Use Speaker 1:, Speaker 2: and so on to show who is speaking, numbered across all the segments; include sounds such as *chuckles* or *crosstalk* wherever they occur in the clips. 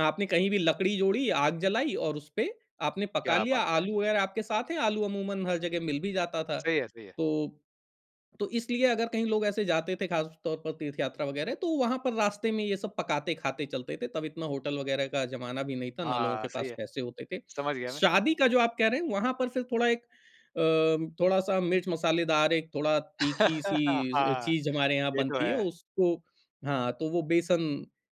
Speaker 1: आपने कहीं भी लकड़ी जोड़ी, आग जलाई और उसपे आपने पका
Speaker 2: क्या
Speaker 1: लिया,
Speaker 2: बात है।
Speaker 1: आलू वग़ैरह आपके साथ हैं, आलू अमूमन हर जगह मिल भी जाता था।
Speaker 2: सही है सही है।
Speaker 1: तो तो इसलिए अगर कहीं लोग ऐसे जाते थे ख़ास तौर पर तीर्थयात्रा वग़ैरह, तो वहाँ पर रास्ते में ये सब पकाते-खाते चलते थे, तब इतना होटल वग़ैरह का जमाना भी नहीं था ना लोगों
Speaker 2: हाँ,
Speaker 1: के
Speaker 2: सही
Speaker 1: पास
Speaker 2: है।
Speaker 1: पैसे होते थे।
Speaker 2: समझ गया मैं।
Speaker 1: शादी का जो आप कह रहे हैं, वहाँ पर फिर थोड़ा एक अ, थोड़ा-सा मिर्च-मसालेदार एक थोड़ा तीखी-सी
Speaker 2: हाँ,
Speaker 1: चीज़ हमारे यहाँ
Speaker 2: ये तो
Speaker 1: बनती है
Speaker 2: है।
Speaker 1: उसको हाँ, तो वो बेसन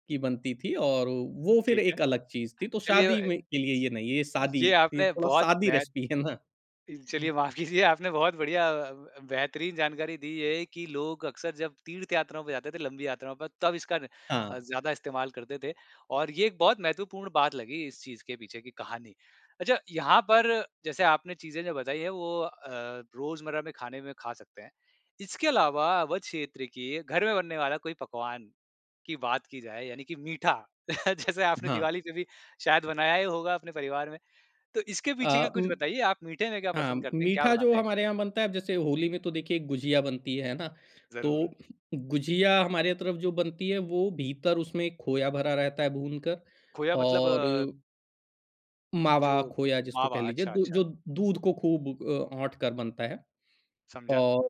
Speaker 1: की बनती थी और अ वो फिर
Speaker 2: ठीक है।
Speaker 1: एक अलग चीज़ थी तो
Speaker 2: चलिए
Speaker 1: शादी
Speaker 2: अ,
Speaker 1: में के लिए
Speaker 2: ज
Speaker 1: ये नहीं, ये शादी
Speaker 2: ये
Speaker 1: ये
Speaker 2: आपने
Speaker 1: थोड़ा
Speaker 2: बहुत
Speaker 1: सादी
Speaker 2: महत्
Speaker 1: रेसिपी है ना।
Speaker 2: इल चलिए माफ़ कीजिए आपने बहुत बढ़िया अ, ब बेहतरीन जानकारी दी है कि लोग अक्सर जब तीर्थ यात्राओं पे जाते थे, लंबी यात्राओं पर, तब इसका न अ,
Speaker 1: हाँ।
Speaker 2: ज़्यादा इस्तेमाल करते थे और ये एक बहुत महत्वपूर्ण बात लगी, इस चीज़ के पीछे की कहानी। अच्छा यहाँ पर जैसे आपने चीज़ें जो बताई हैं, वो अ, रोज़मर्रा में खाने में खा सकते हैं। इसके अलावा अवध क्षेत्र के, घर में बनने वाला कोई पकवान की बात की जाए यानि कि मीठा जैसे आपने
Speaker 1: हाँ।
Speaker 2: दिवाली पे भी शायद बनाया ही होगा अपने परिवार में। तो इसके पीछे का
Speaker 1: अ,
Speaker 2: कुछ
Speaker 1: उ,
Speaker 2: बताइए आप मीठे में क्या
Speaker 1: हाँ.
Speaker 2: पसंद करते हैं, क्या
Speaker 1: मीठा जो
Speaker 2: बनाते हैं
Speaker 1: हमारे
Speaker 2: कुछ?
Speaker 1: यहाँ बनता है अब जैसे होली में तो देखिए गुझिया बनती है ना,
Speaker 2: ज़रूर।
Speaker 1: तो गुझिया हमारे तरफ जो बनती है वो भीतर उसमें खोया भरा रहता है भूनकर
Speaker 2: खोया मतलब?
Speaker 1: और मावा
Speaker 2: जो,
Speaker 1: खोया जिसको कह
Speaker 2: मावा।
Speaker 1: लीजिए
Speaker 2: अच्छा,
Speaker 1: द
Speaker 2: अच्छा।
Speaker 1: जो दूध को खूब अ, औंठ कर बनता है
Speaker 2: समझा।
Speaker 1: और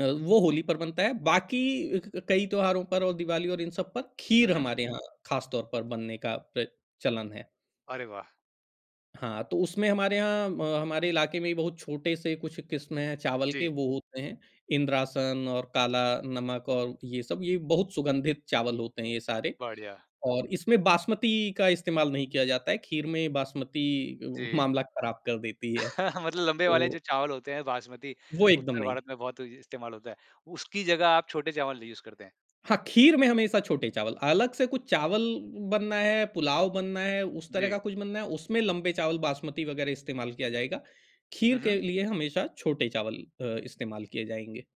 Speaker 1: अ, वो होली पर बनता है, बाकी क क, कई त्यौहारों पर और दिवाली और इन सब पर,
Speaker 2: हुँ,
Speaker 1: खीर
Speaker 2: हुँ।
Speaker 1: हमारे यहाँ ख़ास तौर पर बनने का प्रच चलन है।
Speaker 2: अरे वाह!
Speaker 1: हाँ, तो उसमें हमारे यहाँ अ, हमारे इलाके में बहुत छोटे-से कुछ किस्में हैं, चावल के,
Speaker 2: जी।
Speaker 1: वो होते हैं, इंद्रासन और काला नमक और ये सब ये बहुत सुगंधित चावल होते हैं ये सारे
Speaker 2: बढ़िया।
Speaker 1: और इसमें बासमती का इस्तेमाल नहीं किया जाता है, खीर में बासमती
Speaker 2: जी।
Speaker 1: मामला ख़राब कर देती है।
Speaker 2: *chuckles* मतलब लम्बे वाले
Speaker 1: तो
Speaker 2: जो चावल होते हैं, बासमती,
Speaker 1: वो एकदम
Speaker 2: उत्तर
Speaker 1: नहीं।
Speaker 2: भारत में बहुत इ इस्तेमाल होता है। उसकी जगह आप छोटे चावल यूज़ करते हैं।
Speaker 1: हाँ, खीर में हमेशा छोटे चावल, अलग से कुछ चावल बनना है, पुलाव बनना है, उस तरह
Speaker 2: जी।
Speaker 1: का कुछ बनना है उसमें लंबे चावल, बासमती वग़ैरह इस्तेमाल किया जाएगा। खीर
Speaker 2: हुँ, हुँ।
Speaker 1: के लिए हमेशा छोटे चावल अ, इस्तेमाल किए जाएँगे।